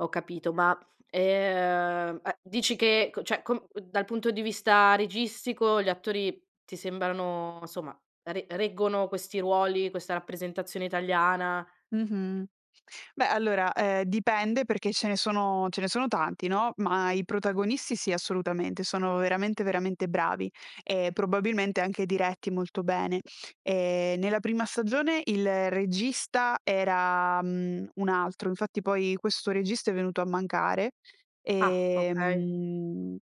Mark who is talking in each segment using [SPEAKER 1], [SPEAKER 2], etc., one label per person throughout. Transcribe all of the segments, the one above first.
[SPEAKER 1] Ho capito, ma, ehm, uhm, dici che ecco cioè, co dal punto di vista registico gli attori ti sembrano, insomma, re reggono questi ruoli, questa rappresentazione italiana?
[SPEAKER 2] Mh-mh. Beh, allora, ehm, dipende perché ce ne sono ce ne sono tanti, no? Ma i protagonisti sì, assolutamente sono veramente, veramente bravi e probabilmente anche diretti molto bene. Ehm, nella prima stagione il regista era, mhmm, un altro, infatti poi questo regista è venuto a mancare
[SPEAKER 1] Ah!
[SPEAKER 2] e,
[SPEAKER 1] Okay.
[SPEAKER 2] mhmm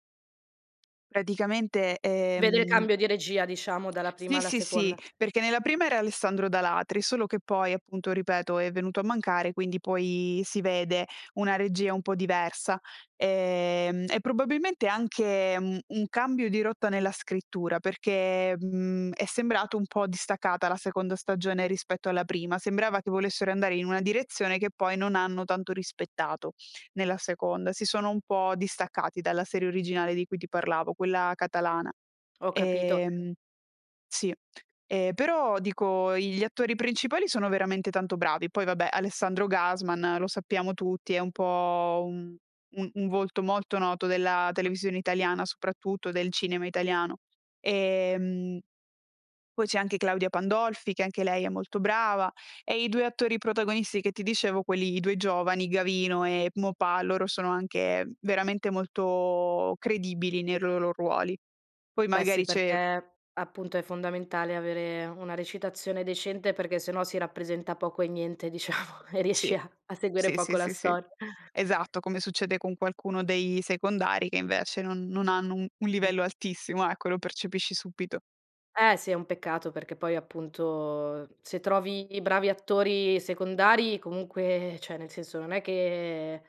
[SPEAKER 2] praticamente,
[SPEAKER 1] Vedere
[SPEAKER 2] ehm
[SPEAKER 1] cambio di regia, diciamo dalla prima
[SPEAKER 2] Sì,
[SPEAKER 1] alla
[SPEAKER 2] sì, sì,
[SPEAKER 1] seconda.
[SPEAKER 2] perché nella prima era Alessandro D'Alatri, solo che poi appunto ripeto è venuto a mancare, quindi poi si vede una regia un po' diversa. Ehm, e probabilmente anche u un cambio di rotta nella scrittura, perché, mhmm, è sembrato un po' distaccata la seconda stagione rispetto alla prima. Sembrava che volessero andare in una direzione che poi non hanno tanto rispettato nella seconda. Si sono un po' distaccati dalla serie originale di cui ti parlavo, quella catalana,
[SPEAKER 1] Ho capito.
[SPEAKER 2] ehm sì. E però dico, i gli attori principali sono veramente tanto bravi. Poi vabbè, Alessandro Gasman, lo sappiamo tutti, è un po' un un un volto molto noto della televisione italiana, soprattutto del cinema italiano. Ehm, poi c'è anche Claudia Pandolfi, che anche lei è molto brava, e i 2 attori protagonisti che ti dicevo, quelli, i 2 giovani, Gavino e Maupas, loro sono anche veramente molto credibili nei loro ruoli. Poi
[SPEAKER 1] Beh sì,
[SPEAKER 2] magari c'è
[SPEAKER 1] perché appunto è fondamentale avere una recitazione decente, perché sennò si rappresenta poco e niente, diciamo, e
[SPEAKER 2] Sì.
[SPEAKER 1] riesci a a seguire
[SPEAKER 2] Sì,
[SPEAKER 1] poco
[SPEAKER 2] sì,
[SPEAKER 1] la
[SPEAKER 2] sì, sì.
[SPEAKER 1] stor
[SPEAKER 2] Esatto, come succede con qualcuno dei secondari, che invece non non hanno un un
[SPEAKER 1] [unintelligible]
[SPEAKER 2] livello altissimo, ecco, lo percepisci subito.
[SPEAKER 1] Eh sì, è un peccato perché poi appunto se trovi bravi attori secondari comunque, cioè nel senso non è che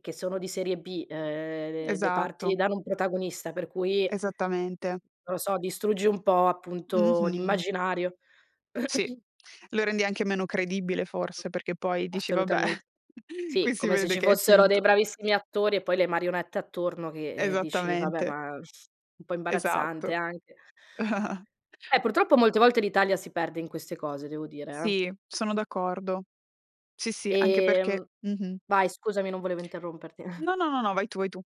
[SPEAKER 1] che sono di serie B, uhm, le parti
[SPEAKER 2] Esatto.
[SPEAKER 1] danno un protagonista per cui
[SPEAKER 2] Esattamente.
[SPEAKER 1] non lo so, distruggi un po' appunto
[SPEAKER 2] Mh-mh.
[SPEAKER 1] l'immaginario.
[SPEAKER 2] Sì. Lo rendi anche meno credibile forse, perché poi dici: "Vabbè,
[SPEAKER 1] Assolutamente.
[SPEAKER 2] qui
[SPEAKER 1] Sì,
[SPEAKER 2] si
[SPEAKER 1] come se
[SPEAKER 2] vede
[SPEAKER 1] ci
[SPEAKER 2] che è
[SPEAKER 1] fossero dei
[SPEAKER 2] finto".
[SPEAKER 1] bravissimi attori e poi le marionette attorno che, eh, dici: "Vabbè,
[SPEAKER 2] Esattamente.
[SPEAKER 1] ma un po'
[SPEAKER 2] Esatto.
[SPEAKER 1] imbarazzante anche". Eh purtroppo molte volte l'Italia si perde in queste cose, devo dire, eh.
[SPEAKER 2] Sì, sono d'accordo. Sì, sì, anche perché
[SPEAKER 1] Ehm
[SPEAKER 2] mh-mh.
[SPEAKER 1] vai scusami, non volevo interromperti.
[SPEAKER 2] No, no, no, vai tu, vai tu.